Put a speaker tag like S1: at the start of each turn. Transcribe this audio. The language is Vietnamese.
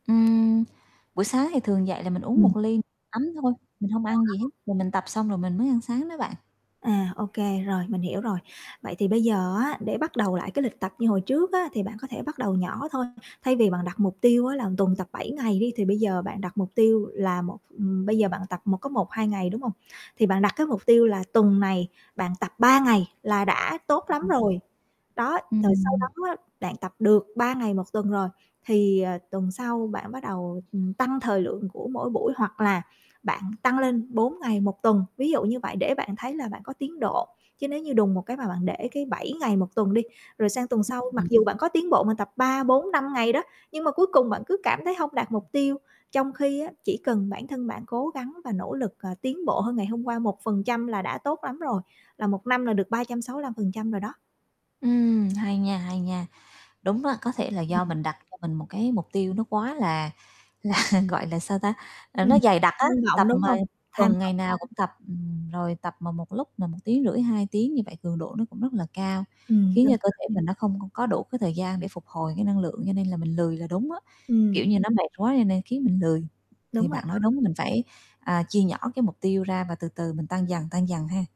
S1: Ừm, buổi sáng thì thường dậy là mình uống
S2: Ừm.
S1: 1 ly ấm thôi, mình hông ăn gì hết,
S2: [unintelligible]
S1: rồi mình tập xong rồi mình mới ăn sáng đó bạn.
S2: À, ô kê, rồi, mình hiểu rồi. Vậy thì bây giờ á để bắt đầu lại cái lịch tập như hồi trước á, thì bạn có thể bắt đầu nhỏ thôi. Thay vì bạn đặt mục tiêu á là tuần tập 7 ngày đi, thì bây giờ bạn đặt mục tiêu là 1, ừm, bây giờ bạn tập một có 1, 2 ngày, đúng hông? Thì bạn đặt cái mục tiêu là tuần này bạn tập 3 ngày là đã
S1: Ừ,
S2: tốt
S1: ừ,
S2: lắm
S1: ừm.
S2: rồi. Đó, rồi sau
S1: Ừm.
S2: đó á, bạn tập được 3 ngày 1 tuần rồi, thì, ờ, tuần sau bạn bắt đầu, ừm, tăng thời lượng của mỗi buổi hoặc là bạn tăng lên 4 ngày 1 tuần, ví dụ như vậy để bạn thấy là bạn có tiến độ. Chứ nếu như đùng một cái mà bạn để cái 7 ngày 1 tuần đi, rồi sang tuần sau mặc
S1: Ừm.
S2: dù bạn có tiến bộ mà tập 3, 4, 5 ngày đó, nhưng mà cuối cùng bạn cứ cảm thấy hông đạt mục tiêu, trong khi á, chỉ cần bản thân bạn cố gắng và nỗ lực, ờ, tiến bộ hơn ngày hôm qua 1% là đã tốt lắm rồi, là 1 năm là được 365% rồi đó.
S1: Ừm, hay nha, hay nha. Đúng đó, có thể là do
S2: Ừm.
S1: mình đặt cho mình một cái mục tiêu nó quá là là, gọi là, sao ta, à, nó
S2: Ừm,
S1: dày đặc á,
S2: tham
S1: tập
S2: vọng, đúng
S1: mà
S2: hông? Tham
S1: tuần ngày
S2: vọng
S1: nào cũng
S2: lớn.
S1: tập, ừm, rồi tập mà một lúc là 1,5 tiếng, 2 tiếng như vậy, cường độ nó cũng rất là cao,
S2: Ừm,
S1: khiến
S2: đúng
S1: cho cơ
S2: rồi.
S1: thể mình nó không c có đủ cái thời gian để phục hồi cái năng lượng, cho nên là mình lười là đúng á.
S2: Ừm.
S1: Kiểu như, nó mệt quá cho nên khiến mình lười, thì
S2: Đúng rồi
S1: bạn nói
S2: đó.
S1: đúng, mình phải, à, chia nhỏ cái mục tiêu ra và từ từ mình tăng dần, tăng dần ha.